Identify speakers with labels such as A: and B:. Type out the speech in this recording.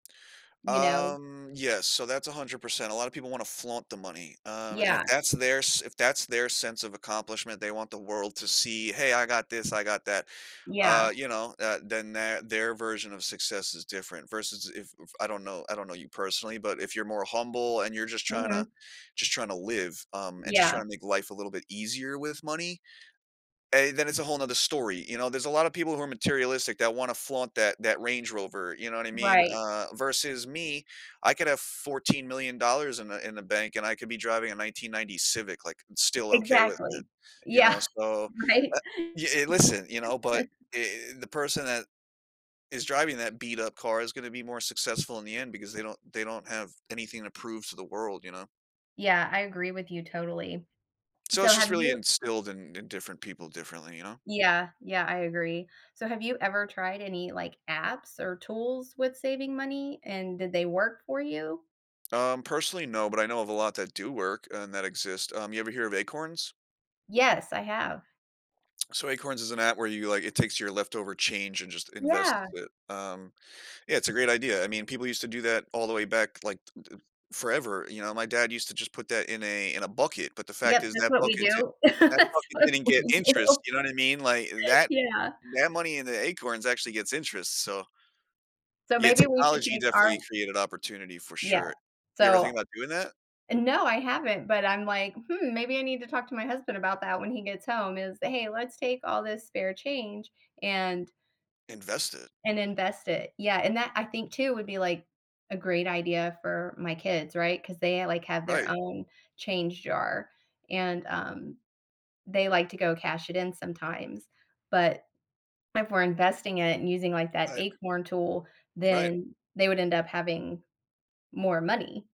A: You know.
B: Um, yes, so that's 100%, alot of people want to flaunt the money, um, and if
A: Yeah.
B: that's their s if that's their sense of accomplishment, they want the world to see, hey, I got this, I got that, uh,
A: Yeah.
B: you know, uh, then th their version of success is different versus if f I don't know, I don't know you personally, but if you're more humble and you're just trying to
A: Mhm.
B: just trying to live, um, and just
A: Yeah.
B: trying to make life a little bit easier with money aye, then it's a whole another story, you know, there's a lot of people who are materialistic that want to flaunt that that Range Rover, you know what I mean,
A: Right.
B: uh, versus me, I could have 14 million dollars in the in the bank and I could be driving a 1990 Civic, like still okay with it,
A: Exactly,
B: you
A: yeah,
B: know, so,
A: right.
B: uh, y yeah listen, you know, but eh eh the person that, is driving that beat up car is going to be more successful in the end because they don't they don't have anything to prove to the world, you know.
A: Yeah, I agree with you totally.
B: So
A: So
B: it's just
A: have
B: really
A: you
B: instilled in in different people differently, you know.
A: Yeah, yeah, I agree, so have you ever tried any like apps or tools with saving money, and did they work for you?
B: Um, personally, no, but I know of a lot that do work and that exist, um, you ever hear of acorns?
A: Yes, I have.
B: So Acorns is an app where you, like, it takes your leftover change and just invests
A: Yeah.
B: it, um, yeah, it's a great idea, I mean, people used to do that all the way back like eh e forever, you know, my dad used to just put that in a in a bucket, but the fact
A: Yep,
B: is
A: that's
B: that
A: what we
B: bucket di
A: do.
B: that bucket
A: That's what
B: didn't get
A: we
B: interest,
A: do.
B: you know what I mean, like that
A: Yeah.
B: that money in the acorns actually gets interest, so
A: So
B: Yeah,
A: maybe we should
B: technology
A: take our
B: definitely created opportunity for
A: Yeah,
B: sure. You ever
A: so
B: think about doing that?
A: no, I haven't, but I'm like, "Hmm, maybe I need to talk to my husband about that when he gets home" is, "Hey, let's take all this spare change and
B: Invest it.
A: and invest it," yeah, and that I think too would be like a great idea for my kids, right, 'cause they like have their
B: Right.
A: own change jar and um they like to go cash it in sometimes, but if we're investing it and using like that
B: Right.
A: acorn tool,
B: Right.
A: then they would end up having more money.